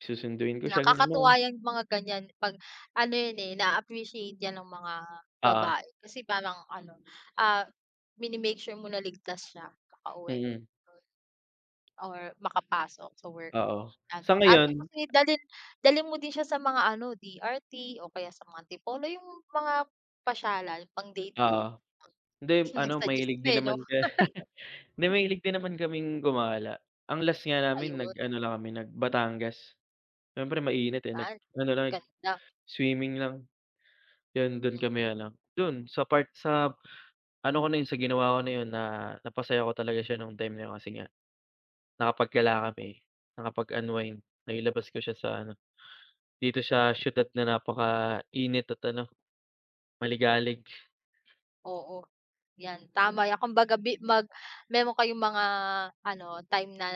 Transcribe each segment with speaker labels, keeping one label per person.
Speaker 1: Susunduin ko siya, ganun naman.
Speaker 2: Nakakatuwa yung mga ganiyan 'pag ano yun eh, naa-appreciate 'yan ng mga
Speaker 1: Oo.
Speaker 2: babae kasi parang ano, ah, mini-make sure mo na ligtas siya nakauwi
Speaker 1: Mm.
Speaker 2: or makapasok sa work,
Speaker 1: Oo.
Speaker 2: yan,
Speaker 1: Sa
Speaker 2: ah, ano
Speaker 1: ngayon
Speaker 2: kasi, dalhin dalhin mo din siya sa mga ano, DRT o kaya sa mga Antipolo, yung mga pasyalan, pang-date-date.
Speaker 1: Oo. Hindi,
Speaker 2: Hmm.
Speaker 1: ano,
Speaker 2: Nag-suggest
Speaker 1: mahilig
Speaker 2: pa
Speaker 1: din
Speaker 2: eh, 'no?
Speaker 1: naman ka hindi mahilig din naman kaming gumala. Ang last nga namin
Speaker 2: Ayun.
Speaker 1: nag-ano lang kami, nag-Batangas. Siyempre mainit eh,
Speaker 2: Ah,
Speaker 1: nag-ano lang,
Speaker 2: ganda.
Speaker 1: swimming lang. Yun, dun kami ano, dun, sa part sa ano ko na yun, sa ginawa ko na yun na napasaya ko talaga siya nung time na yun, kasi nga nakapaggala kami, nakapag-unwind, nailabas ko siya sa ano, dito sa siyudad na napaka-init at ano, maligalig.
Speaker 2: Oo. 'Yan, tama yan, kung baga bi mag meron kayong mga ano, time na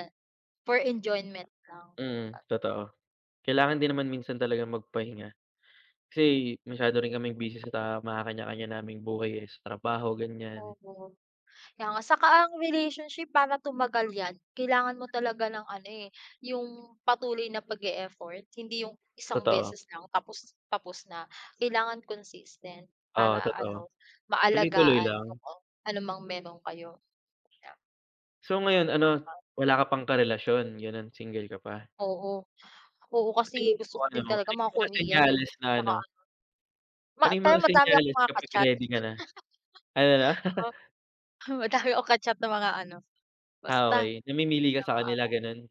Speaker 2: for enjoyment lang.
Speaker 1: Mm,
Speaker 2: Ah
Speaker 1: totoo. Kailangan din naman minsan talagang magpahinga. Kasi masyado rin kaming busy sa mga kanya-kanya naming buhay eh, sa trabaho, ganiyan.
Speaker 2: Oo, kaya nga saka ang relationship para tumagal 'yan, kailangan mo talaga ng ano eh, yung patuloy na pag-e-effort, hindi yung isang
Speaker 1: Totoo.
Speaker 2: beses lang tapos tapos na. Kailangan consistent
Speaker 1: Oo,
Speaker 2: para
Speaker 1: totoo.
Speaker 2: ano,
Speaker 1: Tuloy-tuloy
Speaker 2: maalagaan,
Speaker 1: lang.
Speaker 2: oo. Ano mang meron kayo. Yan.
Speaker 1: So, ngayon ano,
Speaker 2: Ah.
Speaker 1: wala ka pang karelasyon, gano'n, single ka pa?
Speaker 2: Oo, oo,
Speaker 1: Sa
Speaker 2: kasi
Speaker 1: tingin mo
Speaker 2: gusto ko din
Speaker 1: ano,
Speaker 2: talaga
Speaker 1: ano yung
Speaker 2: mga
Speaker 1: mga
Speaker 2: Korean eh,
Speaker 1: senyales na
Speaker 2: saka
Speaker 1: ano
Speaker 2: ano Ma
Speaker 1: ano yung
Speaker 2: pero
Speaker 1: mga
Speaker 2: madami akong
Speaker 1: senyales
Speaker 2: mga
Speaker 1: kapag
Speaker 2: ka-chat.
Speaker 1: ready ka na? Ano, 'no?
Speaker 2: Oo, madami ako ka-chat na mga ano,
Speaker 1: Ah,
Speaker 2: basta.
Speaker 1: okey. Namimili ka sa
Speaker 2: mga
Speaker 1: kanila,
Speaker 2: afam.
Speaker 1: ganun?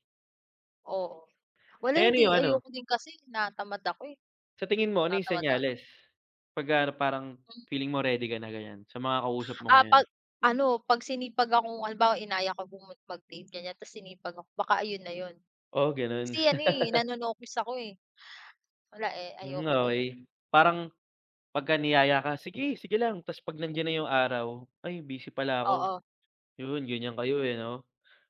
Speaker 2: Oo, wala
Speaker 1: Eh, ano yung
Speaker 2: hindi,
Speaker 1: ano?
Speaker 2: ayoko din kasi tinatamad ako eh.
Speaker 1: Sa tingin mo, ano yung
Speaker 2: Tatamad lalo.
Speaker 1: senyales, 'pag ano parang
Speaker 2: Hmm.
Speaker 1: feeling mo ready ka na, ganiyan, sa mga kausap mo
Speaker 2: Ah,
Speaker 1: ngayon?
Speaker 2: 'pag ano, 'pag sinipag akong halimbawa inaya ka pong mag-date, ganiyan, ta's sinipag ako, baka ayun na yun.
Speaker 1: Oo, ganun.
Speaker 2: Kasi ano eh, nanonokis ako eh. Wala eh,
Speaker 1: Hmm,
Speaker 2: ayoko din eh.
Speaker 1: okey. Parang pagka niyaya ka, "Sige, sige lang," ta's pag nandiyan na yung araw, "Ay, busy pala ako,"
Speaker 2: Oo.
Speaker 1: yun ganiyan kayo eh, 'no?